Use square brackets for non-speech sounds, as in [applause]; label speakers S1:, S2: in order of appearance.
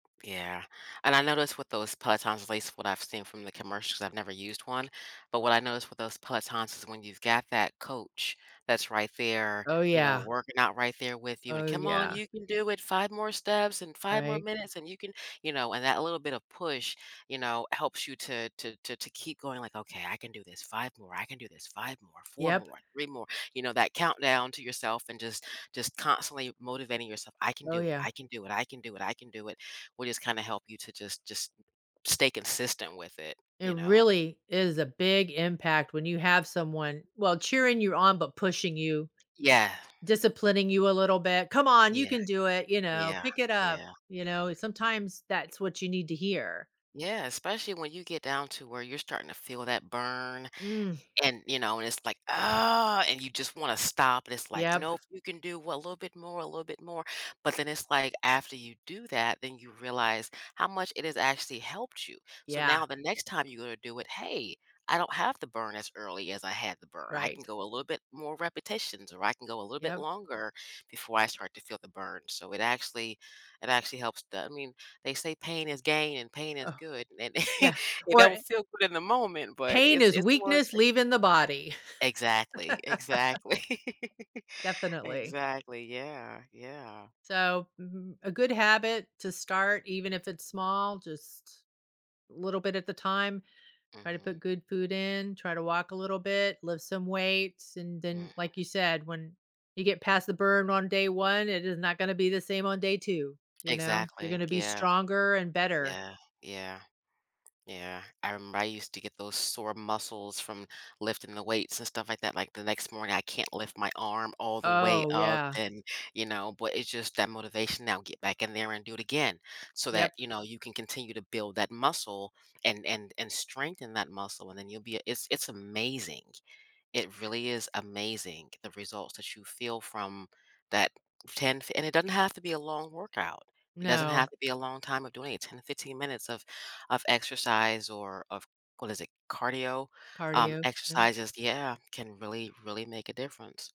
S1: Yeah, and I noticed with those pelotons, at least what I've seen from the commercials, I've never used one. But what I noticed with those pelotons is when you've got that coach that's right there,
S2: Oh,
S1: you know,
S2: yeah.
S1: working out right there with you, and
S2: Oh,
S1: "Come on,
S2: yeah.
S1: you can do it, 5 more steps and 5 more
S2: Right?
S1: minutes and you can" you know, and that little bit of push, you know, helps you to to to to keep going, like, "Okay, I can do this, 5 more, I can do this, 5 more, 4
S2: Yep.
S1: more, 3 more," you know, that countdown to yourself and just just constantly motivating yourself, "I can
S2: Oh,
S1: do it,
S2: yeah.
S1: I can do it, I can do it, I can do it," will just kinda help you to just just stay consistent with it,
S2: It
S1: you know.
S2: really is a big impact when you have someone, well, cheering you on, but pushing you.
S1: Yeah.
S2: Disciplining you a little bit, "Come on, you
S1: Yeah.
S2: can do it," you know,
S1: Yeah,
S2: "Pick it up,"
S1: yeah.
S2: you know, sometimes that's what you need to hear.
S1: Yeah, especially when you get down to where you're starting to feel that burn
S2: Mm.
S1: and, you know, and it's, like, "Oh," and you just wanna stop, and it's, like,
S2: Yep.
S1: "Nope, you can do a little bit more, a little bit more," but then it's, like, after you do that, then you realize how much it has actually helped you. So
S2: Yeah.
S1: now the next time you're gonna do it, "Hey, I don't have the burn as early as I had the burn. I can
S2: Right.
S1: go a little bit more repetitions, or I can go a little bit
S2: Yep.
S1: longer before I start to feel the burn." So it actually it actually helps the I mean, they say pain is gain and pain is
S2: Oh.
S1: good, and [chuckles]
S2: Yeah,
S1: it
S2: or
S1: don't feel good in the moment, but
S2: Pain
S1: it's
S2: is
S1: it's worth
S2: weakness
S1: it.
S2: leaving the body.
S1: Exactly,
S2: [laughs]
S1: exactly.
S2: Definitely.
S1: Exactly, yeah, yeah.
S2: So, mhm, a good habit to start, even if it's small, just a little bit at a time. Try to
S1: Mhm.
S2: put good food in, try to walk a little bit, lift some weights, and then,
S1: Mhm.
S2: like you said, when you get past the burn on day one, it is not gonna be the same on day 2, you know, you're
S1: Exactly,
S2: gonna be
S1: yeah.
S2: stronger and better.
S1: Yeah, yeah. Yeah, I remember I used to get those sore muscles from lifting the weights and stuff like that like, the next morning, I can't lift my arm all the way
S2: Oh,
S1: up
S2: yeah.
S1: and, you know, but it's just that motivation now get back in there and do it again, so that,
S2: Yep.
S1: you know, you can continue to build that muscle and and and strengthen that muscle, and then you'll be a it's it's amazing. It really is amazing, the results that you feel from that 10 f and it doesn't have to be a long workout. It doesn't have
S2: No.
S1: to be a long time of doing it, 10 to 15 minutes of of exercise or of, what is it, cardio, um,
S2: Cardio? No.
S1: exercises, yeah, can really, really make a difference.